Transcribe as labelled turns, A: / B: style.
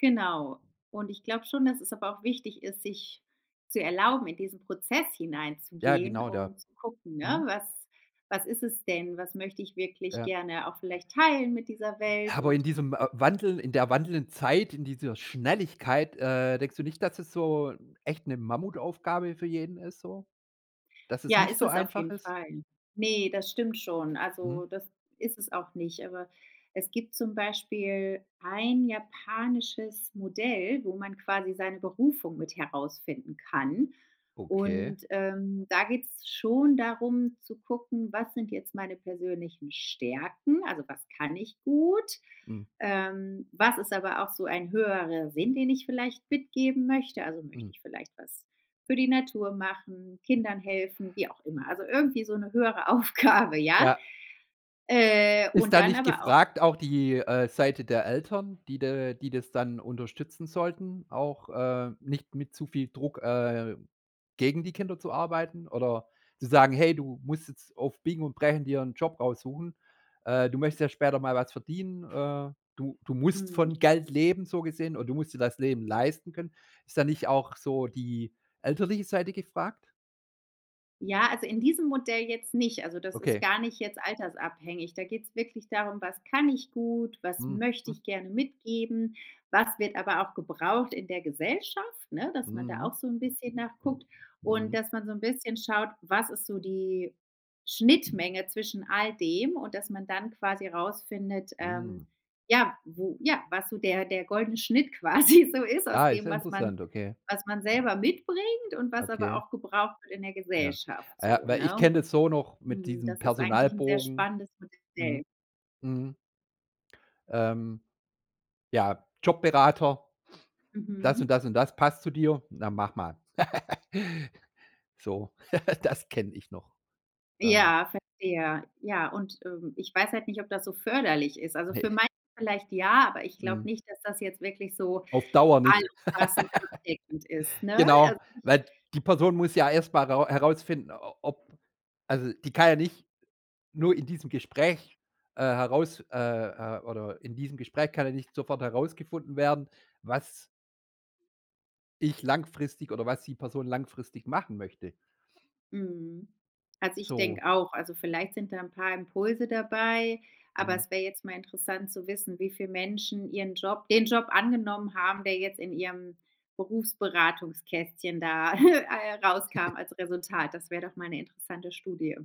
A: Genau. Und ich glaube schon, dass es aber auch wichtig ist, sich zu erlauben, in diesen Prozess
B: Ja,
A: hineinzugehen,
B: genau, da.
A: um zu gucken, ne.
B: Mhm.
A: „Was was ist es denn? Was möchte ich wirklich
B: Ja.
A: gerne auch vielleicht teilen mit dieser
B: Ja,
A: Welt
B: aber
A: und“
B: in diesem, äh, Wandel in der wandelnden Zeit, in dieser Schnelligkeit, äh, denkst du nicht, dass es so, echt 'ne Mammutaufgabe für jeden ist so? Dass es
A: Ja,
B: nicht
A: ist
B: so
A: es auf
B: einfach
A: jeden
B: ist?
A: Fall. Ne, das stimmt schon, also
B: Mhm.
A: das ist es auch nicht, aber es gibt zum Beispiel ein japanisches Modell, wo man quasi seine Berufung mit herausfinden kann.
B: Okay.
A: Und, ähm, da geht's schon darum zu gucken, was sind jetzt meine persönlichen Stärken? Also, was kann ich gut?
B: Mhm.
A: Ähm, was ist aber auch so ein höherer Sinn, den ich vielleicht mitgeben möchte? Also, möchte
B: Mhm.
A: ich vielleicht was für die Natur machen, Kindern helfen, wie auch immer. Also irgendwie so 'ne höhere Aufgabe, ja?
B: Ja.
A: Äh,
B: Ist
A: und
B: da
A: dann
B: nicht
A: aber auch
B: gefragt auch die, äh, Seite der Eltern, die da die das dann unterstützen sollten, auch, äh, nicht mit zu viel Druck, äh, gegen die Kinder zu arbeiten oder zu sagen: „Hey, du musst jetzt auf Biegen und Brechen dir 'n Job raussuchen. Äh, du möchtest ja später mal was verdienen. Äh, du du musst
A: Mhm.
B: von Geld leben“, so gesehen oder „du musst dir das Leben leisten können.“ Ist da nicht auch so die elterliche Seite gefragt?
A: Ja, also in diesem Modell jetzt nicht. Also das ist
B: Okay.
A: gar nicht jetzt altersabhängig. Da geht's wirklich darum „was kann ich gut, was
B: Mhm,
A: möchte
B: hm.
A: ich gerne mitgeben, was wird aber auch gebraucht in der Gesellschaft,“ ne, dass man da
B: Mhm.
A: auch so 'n bisschen nach guckt und
B: Mhm.
A: dass man so 'n bisschen schaut, was ist so die Schnittmenge zwischen all dem und dass man dann quasi rausfindet, ähm,
B: Mhm.
A: ja, wo ja, was so der der goldene Schnitt quasi so ist, aus
B: Ah, ist
A: dem,
B: ja
A: was man
B: interessant, okay.
A: was man selber mitbringt und was aber
B: Okay.
A: auch gebraucht wird in der
B: Ja.
A: Gesellschaft
B: Äh,
A: so,
B: weil ich
A: ne?
B: kenne das so noch mit
A: Mhm,
B: diesem
A: das ist eigentlich 'n sehr
B: Personalbogen
A: spannendes
B: Mhm.
A: Modell.
B: Mhm. Ähm. Ja, Jobberater. „Das
A: Mhm.
B: und das und das passt zu dir. Na, mach mal.“So, das kenne ich noch. Ähm
A: Ja, verstehe. Ja, und, ähm, ich weiß halt nicht, ob das so förderlich ist. Also für
B: Ne.
A: manche vielleicht ja, aber ich glaube
B: Mhm.
A: nicht, dass das jetzt wirklich so
B: Auf Dauer nicht.
A: allumfassend abdeckend ist, ne?
B: Genau,
A: Also, ich
B: weil die Person muss ja erst mal rau herausfinden, o ob also die kann ja nicht nur in diesem Gespräch, äh, heraus äh, äh, oder in diesem Gespräch kann ja nicht sofort herausgefunden werden, was ich langfristig oder was die Person langfristig machen möchte.
A: Mhm, also ich
B: So.
A: denke auch, also vielleicht sind da 'n paar Impulse dabei, aber
B: Mhm.
A: es wär jetzt mal interessant zu wissen, wie viel Menschen ihren Job den Job angenommen haben, der jetzt in ihrem, Berufsberatungskästchen da, äh, rauskam als Resultat. Das wär doch mal 'ne interessante Studie.